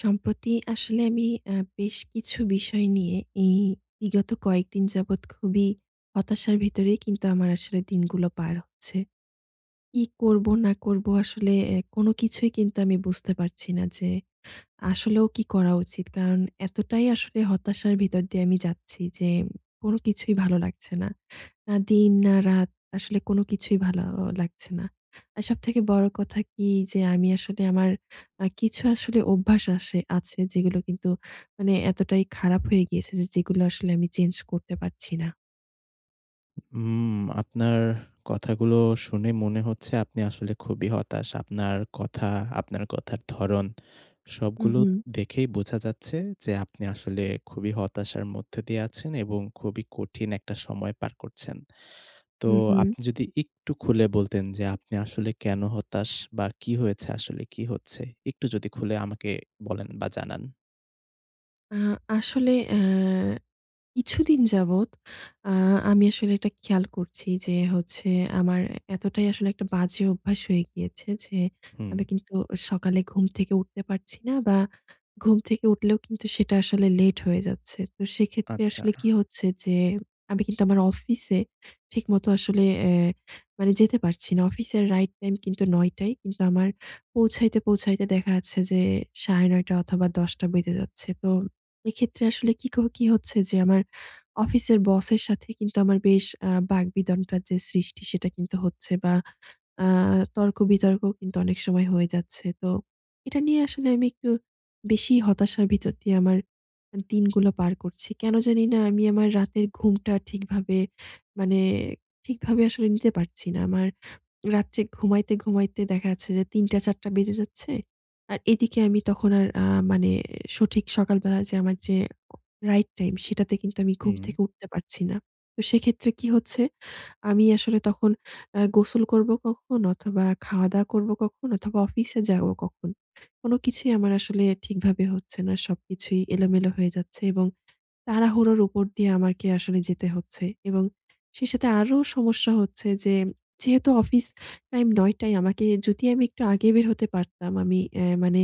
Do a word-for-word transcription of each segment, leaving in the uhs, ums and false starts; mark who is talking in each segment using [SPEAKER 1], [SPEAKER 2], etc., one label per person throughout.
[SPEAKER 1] সম্প্রতি আসলে আমি অ্যা বেশ কিছু বিষয় নিয়ে এই বিগত কয়েকদিন যাবৎ খুবই হতাশার ভিতরে কিন্তু আমার আসলে দিনগুলো পার হচ্ছে। কি করব না করব আসলে এ কোন কিছুই কিন্তু আমি বুঝতে পারছি না যে আসলেও কি করা উচিত? কারণ এতটাই আসলে হতাশার ভিতর দিয়ে আমি যাচ্ছি যে কোন কিছুই ভালো লাগছে না। না দিন, না রাত আসলে কোন কিছুই ভালো অ লাগছে না। আর সবথেকে বড় কথা কি? যে আমি আসলে আমার আ কিছু আসলে অভ্যাস আসে আছে যেগুলো কিন্তু মানে এতটাই খারাপ হয়ে গিয়েছে যে যেগুলো আসলে আমি চেঞ্জ করতে পারছি না।
[SPEAKER 2] হুম, আপনার কথাগুলো শুনে মনে হচ্ছে আপনি আসলে খুবই হতাশ। আপনার কথা, আপনার কথার ধরণ
[SPEAKER 1] হু,
[SPEAKER 2] সবগুলো
[SPEAKER 1] হু।
[SPEAKER 2] দেখেই বোঝা যাচ্ছে যে আপনি আসলে খুবই হতাশার মধ্যে দিয়ে আছেন এবং খুবই কঠিন একটা সময় পার করছেন। তো
[SPEAKER 1] হু, হু।
[SPEAKER 2] আপনি যদি একটু খুলে বলতেন যে আপনি আসলে কেন হতাশ বা কি হয়েছে আসলে কি হচ্ছে? একটু যদি খুলে আমাকে বলেন বা জানান।
[SPEAKER 1] আ আসলে এ কিছুদিন যাবৎ আ আমি আসলে এটা খেয়াল করছি যে, হচ্ছে আমার এতটাই আসলে একটা বাজে অভ্যাস হয়ে গিয়েছে, যে
[SPEAKER 2] হুম।
[SPEAKER 1] আমি কিন্তু সকালে ঘুম থেকে উঠতে পারছি না বা, ঘুম থেকে উঠলেও কিন্তু সেটা আসলে লেট হয়ে যাচ্ছে। তো, সেক্ষেত্রে আসলে
[SPEAKER 2] আচ্ছা।
[SPEAKER 1] কি হচ্ছে? যে আমি কিন্তু আমার অফিসে ঠিকমতো আসলে এ মানে যেতে পারছি না। অফিসের রাইট টাইম কিন্তু নয়টা ই। কিন্তু আমার পৌঁছাইতে, পৌঁছাইতে দেখা যাচ্ছে, যে সাড়ে নয়টা অথবা, দশটা বেজে যাচ্ছে। তো, এক্ষেত্রে আসলে কী কর কি হচ্ছে, যে আমার অফিসের বসের সাথে কিন্তু আমার বেশ আ বাগবিতণ্ডার যে সৃষ্টি সেটা, কিন্তু হচ্ছে বা, আ তর্ক-বিতর্ক কিন্তু অনেক সময় হয়ে যাচ্ছে। তো এটা নিয়ে আসলে আমি একটু বেশি হতাশার ভিতর দিয়ে আমার আ দিনগুলো পার করছি। কেন জানিনা, আমি আমার রাতের ঘুমটা ঠিকভাবে মানে ঠিকভাবে আসলে নিতে পারছি না। আমার রাত্রে ঘুমাইতে, ঘুমাইতে দেখা যাচ্ছে, যে তিনটা চারটা বেজে যাচ্ছে। আর এদিকে আমি তখন আর আ মানে সঠিক সকালবেলা যে আমার যে উ রাইট টাইম, সেটাতে কিন্তু আমি ঘুম
[SPEAKER 2] হুম।
[SPEAKER 1] থেকে উঠতে পারছি না। তো সেক্ষেত্রে কি হচ্ছে? আমি আসলে তখন আ গোসল করবো কখন অথবা, খাওয়া-দাওয়া করবো কখন অথবা, অফিসে যাব কখন? কোনো কিছুই আমার আসলে ঠিকভাবে হচ্ছে না। সবকিছুই এলোমেলো হয়ে যাচ্ছে। এবং তাড়াহুড়োর উপর দিয়ে আমাকে আসলে যেতে হচ্ছে। এবং সেই সাথে আরো সমস্যা হচ্ছে যে, যেহেতু অফিস টাইম নয়টা ই। আমাকে যদি আমি একটু আগে বের হতে পারতাম, আমি এ মানে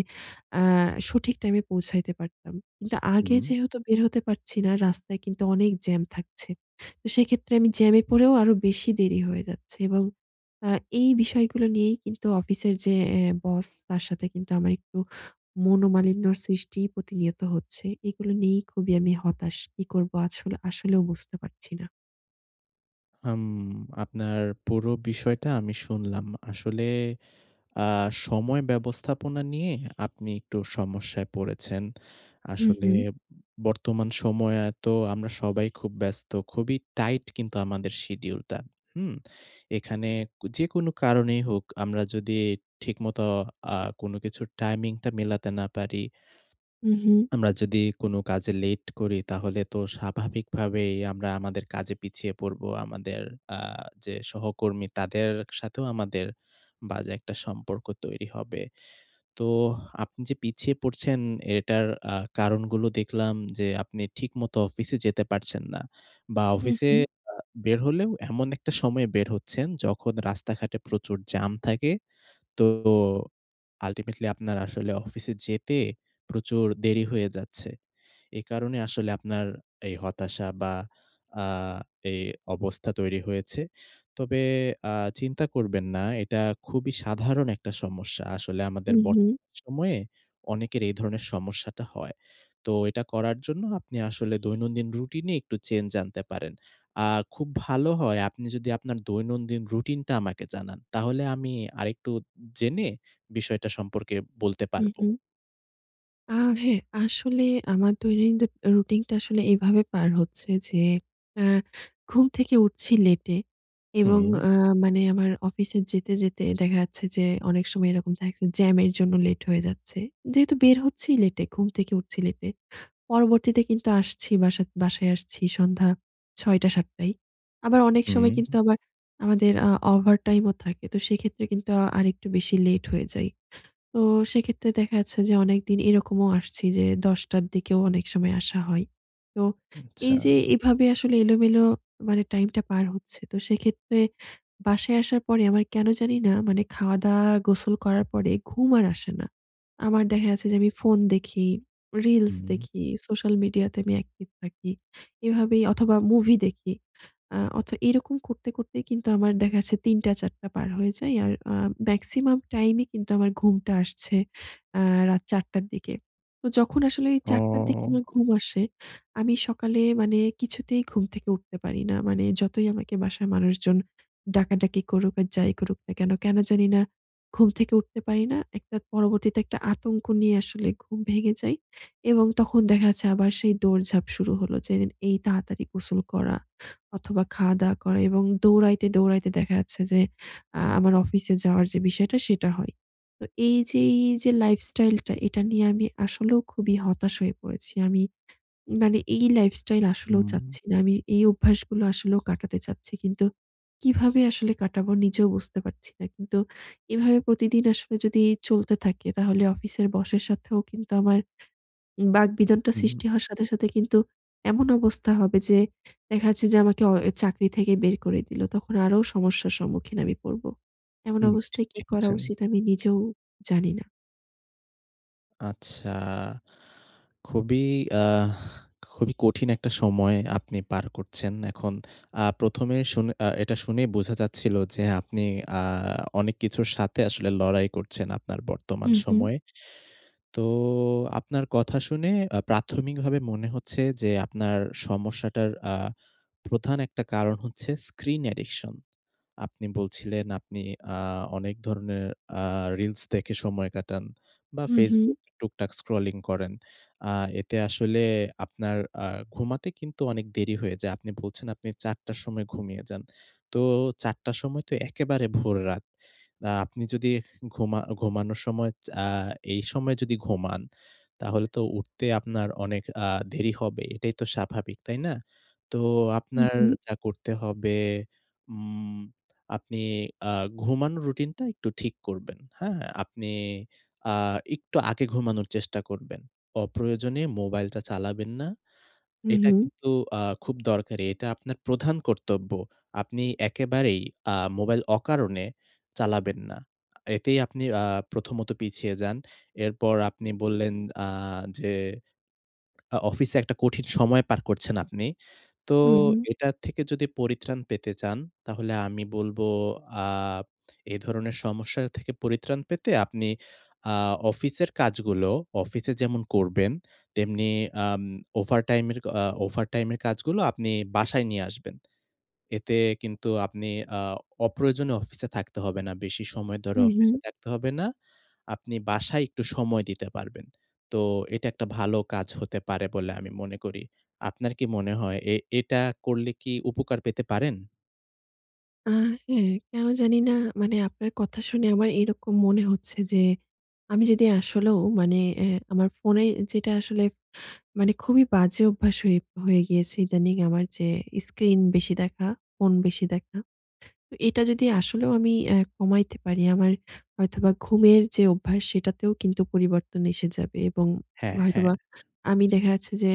[SPEAKER 1] আ সঠিক টাইমে পৌঁছাইতে পারতাম। কিন্তু আগে
[SPEAKER 2] হুম।
[SPEAKER 1] যেহেতু বের হতে পারছি না, রাস্তায় কিন্তু অনেক জ্যাম থাকছে। তো সেক্ষেত্রে আমি জ্যামে পড়েও আরো বেশি দেরি হয়ে যাচ্ছে। এবং আ এই বিষয়গুলো নিয়েই কিন্তু অফিসের যে এ বস, তার সাথে কিন্তু আমার একটু মনোমালিন্যর সৃষ্টি প্রতিনিয়ত হচ্ছে। এগুলো নিয়েই খুবই আমি হতাশ। কি করবো আছ আসলেও বুঝতে পারছি না।
[SPEAKER 2] হুম, আপনার পুরো বিষয়টা আমি শুনলাম। আসলে আ সময় ব্যবস্থাপনা নিয়ে আপনি একটু সমস্যায় পড়েছেন।
[SPEAKER 1] হু,
[SPEAKER 2] আসলে
[SPEAKER 1] হু।
[SPEAKER 2] উ বর্তমান সময়ে তো আমরা সবাই খুব ব্যস্ত। খুবই টাইট কিন্তু আমাদের শিডিউলটা। হুম? এখানে কু যেকোনো কারণেই হোক, আমরা যদি ঠিকমত আ কোন কিছু টাইমিংটা মেলাতে না পারি
[SPEAKER 1] হু, হু।
[SPEAKER 2] আমরা যদি কোন কাজে লেট করি তাহলে তো স্বাভাবিকভাবেই আমরা আমাদের কাজে পিছিয়ে পড়বো। আমাদের আ যে সহকর্মী তাদের সাথেও আমাদের বাজে একটা সম্পর্ক তৈরি হবে। তো আপনি যে পিছিয়ে পড়ছেন এটার আ কারণগুলো দেখলাম যে, আপনি ঠিকমতো অফিসে যেতে পারছেন না বা,
[SPEAKER 1] হু,
[SPEAKER 2] অফিসে
[SPEAKER 1] হু।
[SPEAKER 2] আ বের হলেও এমন একটা সময় বের হচ্ছেন, যখন রাস্তাঘাটে প্রচুর জাম থাকে। তো ও আল্টিমেটলি আপনার আসলে অফিসে যেতে প্রচুর দেরি হয়ে যাচ্ছে। এ কারণে আসলে আপনার এই হতাশা বা, আ এ অবস্থা তৈরি হয়েছে। তবে আ চিন্তা করবেন না। এটা খুবই সাধারণ একটা সমস্যা। আসলে
[SPEAKER 1] হু,
[SPEAKER 2] আমাদের বর্ত
[SPEAKER 1] হু।
[SPEAKER 2] সময়ে অনেকের এই ধরনের সমস্যাটা হয়। তো এটা করার জন্য আপনি আসলে দৈনন্দিন রুটিনে একটু চেঞ্জ আনতে পারেন। আ খুব ভালো হয় আপনি যদি আপনার দৈনন্দিন রুটিনটা আমাকে জানান। তাহলে আমি আরেকটু জেনে বিষয়টা সম্পর্কে বলতে
[SPEAKER 1] হু,
[SPEAKER 2] পারবো।
[SPEAKER 1] হু। আ হ্যাঁ আসলে আমার দৈনন্দি আ রুটিন টা আসলে এভাবে পার হচ্ছে যে আ ঘুম থেকে উঠছি লেটে এবং
[SPEAKER 2] হুম।
[SPEAKER 1] অ্যা মানে আমার অফিসে যেতে, যেতে দেখা যাচ্ছে যে অনেক সময় এরকম থাকছে জ্যামের জন্য লেট হয়ে যাচ্ছে। যেহেতু বের হচ্ছিই লেটে, ঘুম থেকে উঠছি লেটে। পরবর্তীতে কিন্তু আসছি বাসা বাসায় আসছি সন্ধ্যা ছয় টা সাত টায়। আবার অনেক সময় কিন্তু
[SPEAKER 2] হুম।
[SPEAKER 1] আবার আমাদের আ ওভারটাইম ও থাকে। তো সেক্ষেত্রে কিন্তু আরেকটু বেশি লেট হয়ে যায়। তো সেক্ষেত্রে দেখা যাচ্ছে যে অনেকদিন এরকমও আসছি যে দশ টার দিকেও অনেক সময় আসা হয়। তো
[SPEAKER 2] আচ্ছা।
[SPEAKER 1] এই যে এভাবে আসলে এলোমেলো মানে টাইম টা পার হচ্ছে। তো সেক্ষেত্রে বাসায় আসার পরে আমার কেন জানি না মানে খাওয়া দাওয়া গোসল করার পরে ঘুম আর আসে না। আমার দেখা গেছে যে আমি ফোন দেখি, রিলস
[SPEAKER 2] হুম।
[SPEAKER 1] দেখি, সোশ্যাল মিডিয়াতে আমি অ্যাকটিভ থাকি। এভাবেই অথবা মুভি দেখি। আ অথ এরকম করতে, করতেই কিন্তু আমার দেখা যাচ্ছে তিন টা চার টা পার হয়ে যায়। আর আ মেক্সিমাম টাইম এ কিন্তু আমার ঘুমটা আসছে আ রাত চার টার দিকে। তো যখন আসলে চার টার দিকে
[SPEAKER 2] ও!
[SPEAKER 1] আমার ঘুম আসে, আমি সকালে মানে কিছুতেই ঘুম থেকে উঠতে পারি না। মানে যতই আমাকে বাসার মানুষজন ডাকাডাকি করুক আর যাই করুক না কেন, কেন জানি না ঘুম থেকে উঠতে পারি না। একটা পরবর্তীতে একটা আতঙ্ক নিয়ে আসলে ঘুম ভেঙে যায় এবং তখন দেখা যাচ্ছে আবার সেই দৌড়ঝাঁপ শুরু হলো যে এই তাড়াতাড়ি গোসল করা অথবা খাওয়া দাওয়া করা এবং দৌড়াইতে, দৌড়াইতে দেখা যাচ্ছে যে আ আমার অফিসে যাওয়ার যে বিষয়টা সেটা হয়। তো এই যে এই যে লাইফস্টাইল টা এটা নিয়ে আমি আসলেও খুবই হতাশ হয়ে পড়েছি। আমি মানে এই লাইফস্টাইল আসলেও
[SPEAKER 2] হুম।
[SPEAKER 1] চাচ্ছি না। আমি এই অভ্যাস গুলো আসলেও কাটাতে চাচ্ছি কিন্তু কিভাবে আসলে কাটাবো নিজেও বুঝতে পারছি না কিন্তু এভাবে প্রতিদিন আসলে যদি চলতে থাকে তাহলে অফিসের বসের সাথেও কিন্তু আমার উম বাকবিতণ্ডা
[SPEAKER 2] হুম।
[SPEAKER 1] সৃষ্টি হওয়ার সাথে, সাথে কিন্তু এমন অবস্থা হবে যে দেখা যাচ্ছে যে আমাকে অ চাকরি থেকে বের করে দিলো তখন আরো সমস্যার সম্মুখীন আমি পড়ব। এমন
[SPEAKER 2] হুম। ঠি
[SPEAKER 1] অবস্থায় কী
[SPEAKER 2] ঠিক
[SPEAKER 1] করা
[SPEAKER 2] বলেছেন।
[SPEAKER 1] উচিত আমি নিজেও জানি না।
[SPEAKER 2] আচ্ছা। খুবই আ খুবই কঠিন একটা সময় আপনি পার করছেন। এখন আ প্রথম এ শুনে আ এটা শুনেই বোঝা যাচ্ছিল যে আপনি আ অনেক কিছুর সাথে আসলে লড়াই করছেন আপনার
[SPEAKER 1] হু,
[SPEAKER 2] বর্তমান
[SPEAKER 1] হু।
[SPEAKER 2] সময়ে। তো আপনার কথা শুনে আ প্রাথমিকভাবে মনে হচ্ছে যে আপনার সমস্যাটার আ প্রধান একটা কারণ হচ্ছে স্ক্রিন অ্যাডিকশন। আপনি বলছিলেন আপনি আ অনেক ধরনের আ রিলস দেখে সময় কাটান বা
[SPEAKER 1] হু, হু।
[SPEAKER 2] ফেসবুক টুকটাক স্ক্রলিং করেন। আ এতে আসলে আপনার আ ঘুমাতে কিন্তু অনেক দেরি হয়ে যায়। আপনি বলছেন আপনি চারটা র সময় ঘুমিয়ে যান। তো চারটা র সময় তো একেবারে ভোররাত। আ আপনি যদি ঘুমা ঘুমানোর সময় চা এই সময় যদি ঘুমান তাহলে তো উঠতে আপনার অনেক আ দেরি হবেই। এটাই তো স্বাভাবিক। তাই না? তো
[SPEAKER 1] হু,
[SPEAKER 2] আপনার
[SPEAKER 1] হু।
[SPEAKER 2] যা করতে হবে উম আপনি আ ঘুমানোর রুটিনটা একটু ঠিক করবেন হ্যাঁ? আপনি আ একটু আগে ঘুমানোর চেষ্টা করবেন। অপ্রয়োজনে মোবাইলটা চালাবেন না।
[SPEAKER 1] হু,
[SPEAKER 2] এটা
[SPEAKER 1] হু।
[SPEAKER 2] কিন্তু আ খুব দরকারি। এটা আপনার প্রধান কর্তব্য। আপনি একেবারেই আ মোবাইল অকারণে চালাবেন না। এতেই আপনি আ প্রথমত পিছিয়ে যান। এরপর আপনি বললেন আ যে অ অফিসে একটা কঠিন সময় পার করছেন আপনি। তো
[SPEAKER 1] হু, হু।
[SPEAKER 2] এটার থেকে যদি পরিত্রাণ পেতে চান তাহলে আমি বলবো আ এ ধরনের সমস্যা থেকে পরিত্রাণ পেতে আপনি আ অফিসের কাজগুলো অফিসে যেমন করবেন তেমনি আম ওভারটাইমের অ ওভারটাইমের কাজগুলো আপনি বাসায় নিয়ে আসবেন। এতে কিন্তু আপনি আ অপ্রয়োজনীয় অফিসে থাকতে হবে না। বেশি সময় ধরে
[SPEAKER 1] হু,
[SPEAKER 2] অফিসে
[SPEAKER 1] হু।
[SPEAKER 2] থাকতে হবে না। আপনি বাসায় একটু সময় দিতে পারবেন। তো এটা একটা ভালো কাজ হতে পারে বলে আমি মনে করি। আপনার কি মনে হয় এ এটা করলে কি উপকার পেতে পারেন?
[SPEAKER 1] আ হ্যাঁ, কেনো জানি না, মানে আপনার কথা শুনে আমার এইরকম মনে হচ্ছে যে, আমি যদি আসলেও মানে এ্যা আমার ফোনে যেটা আসলে মানে, খুবই বাজে অভ্যাস হয়ে হয়ে গিয়েছে ইদানিং আমার যে স্ক্রিন বেশি দেখা, ফোন বেশি দেখা। তো, এটা যদি আসলেও আমি অ্যা কমাইতে পারি, আমার হয়তোবা ঘুমের যে অভ্যাস, সেটাতেও কিন্তু পরিবর্তন এসে যাবে। এবং
[SPEAKER 2] হ্যাঁ, হ্যাঁ।
[SPEAKER 1] হয়তোবা আমি দেখা যাচ্ছে যে,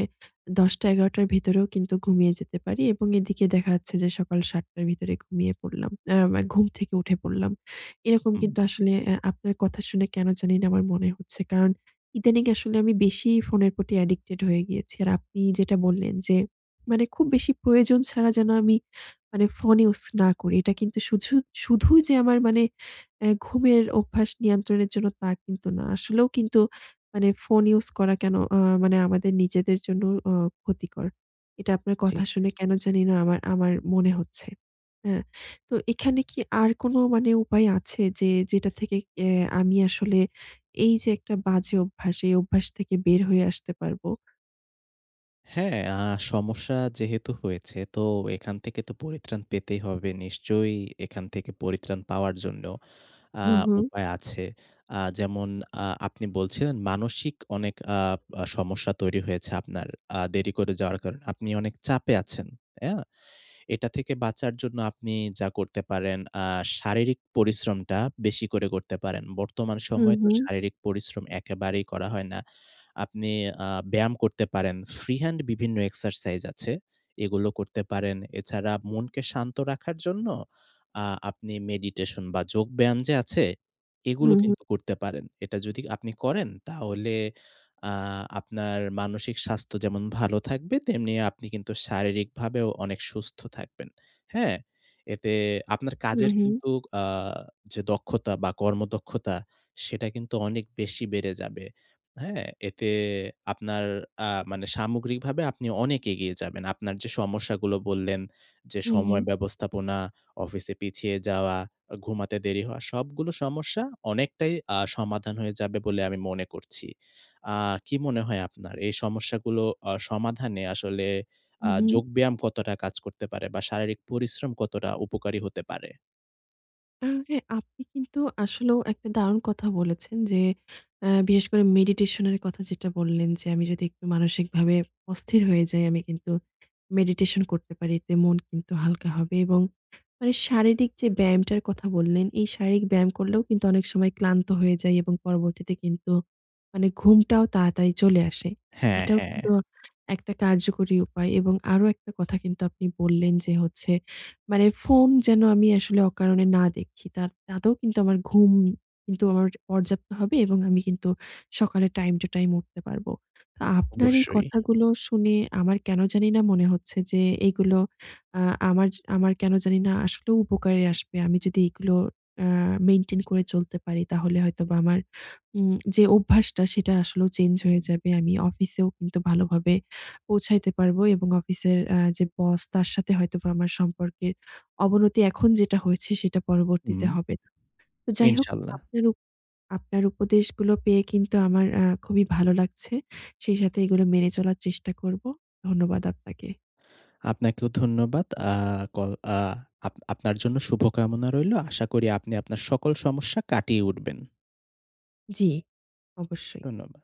[SPEAKER 1] দশটা-এগারোটা র ভেতরেও কিন্তু ঘুমিয়ে যেতে পারি এবং এদিকে দেখা যাচ্ছে যে, সকাল সাতটা র ভিতরে ঘুমিয়ে পড়লাম, অ্যা মা ঘুম থেকে উঠে পড়লাম। এরকম
[SPEAKER 2] হুম।
[SPEAKER 1] কিন্তু আসলে অ্যা আপনার কথা শুনে কেনো জানি না আমার মনে হচ্ছে। কারণ, ইদানিং আসলে আমি বেশিই ফোনের প্রতি addicted হয়ে গিয়েছি। আর আপনি যেটা বললেন যে, মানে খুব বেশি প্রয়োজন ছাড়া যেন আমি মানে ফোন ইউস না করি। এটা কিন্তু শুঝু শুধু যে আমার মানে অ্যা ঘুমের অভ্যাস নিয়ন্ত্রণের জন্য, তা কিন্তু না। আসলেও কিন্তু মানে ফোন ইউস করা কেনো আ মানে আমাদের নিজেদের জন্য অ ক্ষতিকর। এটা আপনার কথা
[SPEAKER 2] ঠিক।
[SPEAKER 1] শুনে কেনো জানি না আমার আমার মনে হচ্ছে, হ্যাঁ? তো এখানে কি আর কোনো মানে উপায় আছে? যে, যেটা থেকে এ্যা আমি আসলে এই যে একটা বাজে অভ্যাস, এই অভ্যাস থেকে বের হয়ে আসতে পারবো?
[SPEAKER 2] হ্যাঁ। আ সমস্যা যেহেতু হয়েছে, তো এখান থেকে তো পরিত্রাণ পেতেই হবে। নিশ্চয়ই এখান থেকে পরিত্রাণ পাওয়ার জন্য আ
[SPEAKER 1] হু, হু।
[SPEAKER 2] উপায় আছে। আ যেমন আ আপনি বলছিলেন, "মানসিক অনেক আপ সমস্যা তৈরি হয়েছে আপনার আ দেরি করে যাওয়ার কারণে। আপনি অনেক চাপে আছেন।" অ্যা? এটা থেকে বাঁচার জন্য আপনি যা করতে পারেন, আ শারীরিক পরিশ্রমটা বেশি করে করতে পারেন। বর্তমান
[SPEAKER 1] হু,
[SPEAKER 2] সময়ে তো
[SPEAKER 1] হু।
[SPEAKER 2] শারীরিক পরিশ্রম একেবারেই করা হয় না। আপনি আ ব্যায়াম করতে পারেন। ফ্রি হ্যান্ড বিভিন্ন এক্সারসাইজ আছে। এগুলো করতে পারেন। এছাড়া মনকে শান্ত রাখার জন্য আ আপনি মেডিটেশন বা, যোগব্যায়াম যে আছে,
[SPEAKER 1] হু,
[SPEAKER 2] এগুলো
[SPEAKER 1] হু।
[SPEAKER 2] কিন্তু করতে পারেন। এটা যদি আপনি করেন, তাহলে আ আপনার মানসিক স্বাস্থ্য যেমন ভালো থাকবে, তেমনি আপনি কিন্তু শারীরিকভাবেও অনেক সুস্থ থাকবেন। হ্যাঁ? এতে আপনার
[SPEAKER 1] হু,
[SPEAKER 2] কাজের
[SPEAKER 1] হু।
[SPEAKER 2] কিন্তু আ যে দক্ষতা বা, কর্মদক্ষতা, সেটা কিন্তু অনেক বেশি বেড়ে যাবে। হ্যাঁ? এতে আপনার আ মানে সামগ্রিকভাবে আপনি অনেক এগিয়ে যাবেন। আপনার যে সমস্যাগুলো বললেন যে,
[SPEAKER 1] হু,
[SPEAKER 2] "সময়
[SPEAKER 1] হু।
[SPEAKER 2] ব্যবস্থাপনা, অফিসে পিছিয়ে যাওয়া, আ ঘুমাতে দেরি হওয়া," সবগুলো সমস্যা অনেকটাই আ সমাধান হয়ে যাবে বলে আমি মনে করছি। আ কি মনে হয় আপনার, এই সমস্যাগুলো অ সমাধানে আসলে
[SPEAKER 1] হু,
[SPEAKER 2] আ
[SPEAKER 1] হু।
[SPEAKER 2] যোগব্যায়াম কতটা কাজ করতে পারে বা, শারীরিক পরিশ্রম কতটা উপকারী হতে পারে?
[SPEAKER 1] আর হ্যাঁ, আপনি কিন্তু আসলেও একটা দারুণ কথা বলেছেন যে, অ্যা বিশেষ করে মেডিটেশনের কথা যেটা বললেন যে, আমি যদি একটু মানসিকভাবে অস্থির হয়ে যাই, আমি কিন্তু মেডিটেশন করতে পারি। এতে মন কিন্তু হালকা হবে এবং মানে শারীরিক যে ব্যায়ামটার কথা বললেন, এই শারীরিক ব্যায়াম করলেও কিন্তু অনেক সময় ক্লান্ত হয়ে যাই এবং পরবর্তীতে কিন্তু মানে ঘুমটাও তাড়াতাড়ি চলে আসে।
[SPEAKER 2] হ্যাঁ,
[SPEAKER 1] এটাও
[SPEAKER 2] হ্যাঁ।
[SPEAKER 1] কিন্তু একটা কার্যকরী উপায় এবং আরো একটা কথা কিন্তু আপনি বললেন যে হচ্ছে, মানে ফোন যেন আমি আসলে অকারণে না দেখি। তা তাতেও কিন্তু আমার ঘুম কিন্তু আমার পর্যাপ্ত হবে এবং আমি কিন্তু সকালে টাইম টু টাইম উঠতে পারবো। তা
[SPEAKER 2] অ
[SPEAKER 1] আপনার এই
[SPEAKER 2] অবশ্যই।
[SPEAKER 1] কথাগুলো শুনে আমার কেন জানিনা মনে হচ্ছে যে, এগুলো আ আমার য আমার কেন জানি না আসলেও উপকারে আসবে। আমি যদি এগুলো অ্যা মেইনটেইন করে চলতে পারি, তাহলে হয়তোবা আমার উম যে অভ্যাসটা সেটা আসলেও চেঞ্জ হয়ে যাবে। আমি অফিসেও কিন্তু ভালোভাবে পৌঁছাইতে পারবো এবং অফিসের আ যে বস, তার সাথে হয়তোবা আমার সম্পর্কের অবনতি এখন যেটা হয়েছে, সেটা
[SPEAKER 2] হুম,
[SPEAKER 1] পরবর্তীতে হবে না। তো যাই হোক
[SPEAKER 2] ইনশাল্লাহ।
[SPEAKER 1] আপনার উপ আপনার উপদেশগুলো পেয়ে কিন্তু আমার আ খুবই ভালো লাগছে। সেই সাথে এগুলো মেনে চলার চেষ্টা করবো। ধন্যবাদ আপনাকে।
[SPEAKER 2] আপনাকেও ধন্যবাদ। আ কল আ আপ আপনার জন্য শুভকামনা রইলো। আশা করি আপনি আপনার সকল সমস্যা কাটিয়ে উঠবেন।
[SPEAKER 1] জ্বি, অবশ্যই।
[SPEAKER 2] ধন্যবাদ।